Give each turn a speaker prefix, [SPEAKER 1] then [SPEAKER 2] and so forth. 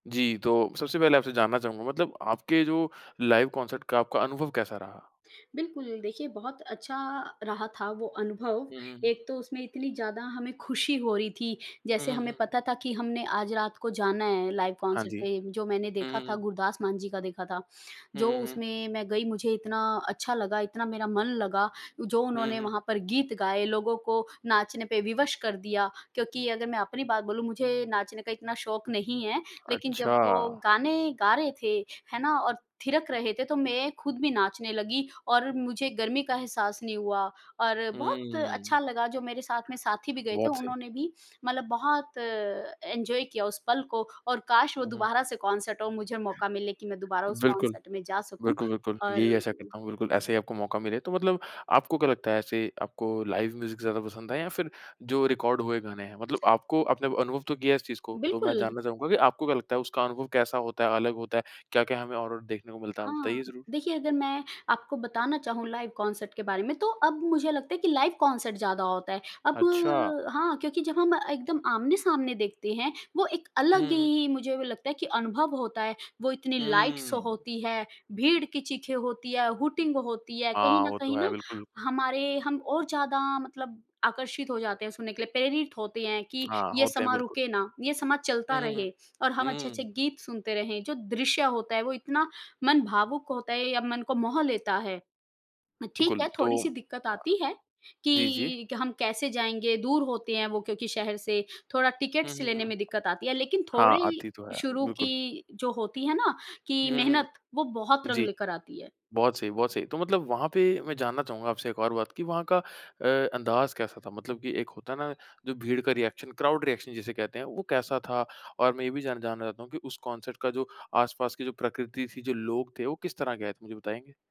[SPEAKER 1] जी, तो सबसे पहले आपसे जानना चाहूँगा। मतलब आपके जो लाइव कॉन्सर्ट का आपका अनुभव कैसा रहा?
[SPEAKER 2] बिल्कुल, देखिए बहुत अच्छा रहा था वो अनुभव,
[SPEAKER 1] हुँ, हुँ, हुँ।
[SPEAKER 2] एक तो उसमें इतनी ज़्यादा हमें खुशी हो रही थी
[SPEAKER 1] हुँ,
[SPEAKER 2] जैसे
[SPEAKER 1] हुँ,
[SPEAKER 2] हमें
[SPEAKER 1] हुँ।
[SPEAKER 2] पता था कि हमने आज रात को जाना है लाइव
[SPEAKER 1] हाँ
[SPEAKER 2] कॉन्सर्ट
[SPEAKER 1] जी।
[SPEAKER 2] पे। जो मैंने
[SPEAKER 1] हुँ,
[SPEAKER 2] देखा
[SPEAKER 1] हुँ,
[SPEAKER 2] था,
[SPEAKER 1] हुँ।
[SPEAKER 2] गुरदास मान जी का देखा था।
[SPEAKER 1] हुँ,
[SPEAKER 2] जो
[SPEAKER 1] हुँ, हुँ।
[SPEAKER 2] उसमें मैं गई मुझे इतना अच्छा लगा, इतना मेरा मन लगा जो
[SPEAKER 1] हुँ, हुँ,
[SPEAKER 2] उन्होंने
[SPEAKER 1] हुँ।
[SPEAKER 2] वहाँ पर गीत गाए, लोगों को नाचने पे विवश कर दिया। क्योंकि अगर मैं अपनी बात बोलूँ मुझे नाचने का इतना शौक नहीं है लेकिन जब
[SPEAKER 1] अच्छा।
[SPEAKER 2] वो गाने गा रहे थे, है ना? और थिरक रहे थे तो मैं खुद भी नाचने लगी और मुझे गर्मी का एहसास नहीं हुआ। और बहुत अच्छा
[SPEAKER 1] हुँ।
[SPEAKER 2] लगा जो मेरे साथ में साथी भी गए थे
[SPEAKER 1] बहुत सही।
[SPEAKER 2] उन्होंने भी मतलब बहुत अ, एन्जॉय किया उस पल को। और काश वो
[SPEAKER 1] हुँ।
[SPEAKER 2] दोबारा से कॉन्सर्ट हो और मुझे मौका मिले कि मैं दोबारा उस
[SPEAKER 1] बिल्कुल।
[SPEAKER 2] कॉन्सर्ट में जा सकूँ।
[SPEAKER 1] बिल्कुल, बिल्कुल
[SPEAKER 2] और
[SPEAKER 1] यही आशा करता हूँ बिल्कुल
[SPEAKER 2] हुँ।
[SPEAKER 1] ऐसे ही आपको मौका मिले। तो मतलब आपको क्या लगता है ऐसे आपको लाइव म्यूज़िक ज़्यादा पसंद है या फ़िर जो रिकॉर्ड हुए गाने हैं? मतलब आपको आपने अनुभव तो किया है इस चीज़ को तो मैं
[SPEAKER 2] बिल्कुल।
[SPEAKER 1] जानना चाहूँगा कि आपको क्या लगता है उसका अनुभव कैसा होता है, अलग होता है? क्या-क्या हमें और-और देखने को मिलता है?
[SPEAKER 2] हाँ,
[SPEAKER 1] बताइए ज़रूर।
[SPEAKER 2] देखिए अगर मैं आपको बताना चाहूँ लाइव कॉन्सर्ट के बारे में तो अब मुझे लगता है कि लाइव कॉन्सर्ट ज़्यादा होता है। अब
[SPEAKER 1] अच्छा।
[SPEAKER 2] हाँ, क्योंकि जब हम एकदम आमने-सामने देखते हैं, वो एक
[SPEAKER 1] हुँ,
[SPEAKER 2] अलग
[SPEAKER 1] हुँ, हुँ।
[SPEAKER 2] ही मुझे लगता है कि अनुभव होता है। वो इतनी लाइट शो
[SPEAKER 1] हुँ।
[SPEAKER 2] होती है, भीड़ की चीखें होती है, हूटिंग होती है। कहीं
[SPEAKER 1] हाँ,
[SPEAKER 2] न
[SPEAKER 1] वो तो
[SPEAKER 2] कहीं
[SPEAKER 1] है
[SPEAKER 2] ना
[SPEAKER 1] बिल्कुल।
[SPEAKER 2] हमारे हम और ज़्यादा मतलब आकर्षित हो जाते हैं सुनने के लिए, प्रेरित होते हैं कि
[SPEAKER 1] हाँ,
[SPEAKER 2] ये
[SPEAKER 1] होते हैं
[SPEAKER 2] समाँ
[SPEAKER 1] बिल्कुल।
[SPEAKER 2] रुके ना, ये समाँ चलता
[SPEAKER 1] हुँ, हुँ, हुँ।
[SPEAKER 2] रहे। और हम अच्छे-अच्छे
[SPEAKER 1] हुँ।
[SPEAKER 2] गीत सुनते रहें, जो दृश्य होता है वो इतना मन भावुक होता है या मन को मोह लेता है। अ, ठीक
[SPEAKER 1] बिल्कुल
[SPEAKER 2] है,
[SPEAKER 1] तो
[SPEAKER 2] थोड़ी-सी
[SPEAKER 1] हाँ।
[SPEAKER 2] दिक्कत आती है
[SPEAKER 1] जी, जी।
[SPEAKER 2] कि क हम कैसे जाएँगे, दूर होते हैं वो क्योंकि शहर से थोड़ा
[SPEAKER 1] हुँ,
[SPEAKER 2] टिकट्स
[SPEAKER 1] हुँ,
[SPEAKER 2] लेने
[SPEAKER 1] हुँ।
[SPEAKER 2] में दिक्कत आती है। लेकिन
[SPEAKER 1] हाँ,
[SPEAKER 2] थोड़ी
[SPEAKER 1] आती तो है
[SPEAKER 2] शुरू
[SPEAKER 1] बिल्कुल।
[SPEAKER 2] की जो होती है ना कि
[SPEAKER 1] हुँ, हुँ,
[SPEAKER 2] मेहनत वो बहुत
[SPEAKER 1] हुँ।
[SPEAKER 2] रंग
[SPEAKER 1] जी।
[SPEAKER 2] लेकर आती है।
[SPEAKER 1] बहुत सही, बहुत सही। तो मतलब वहाँ पे मैं जानना चाहूँगा आपसे एक और बात कि वहाँ का अ, अंदाज़ कैसा था? मतलब कि एक होता है ना जो भीड़ का रिएक्शन क्राउड रिएक्शन जिसे कहते हैं वो कैसा था? और मैं ये भी जान जानना चाहता हूँ कि उस कॉन्सर्ट का जो आस-पास की जो प्रकृति थी, जो लोग थे। वो किस तरह के आए थे मुझे बताएँगे?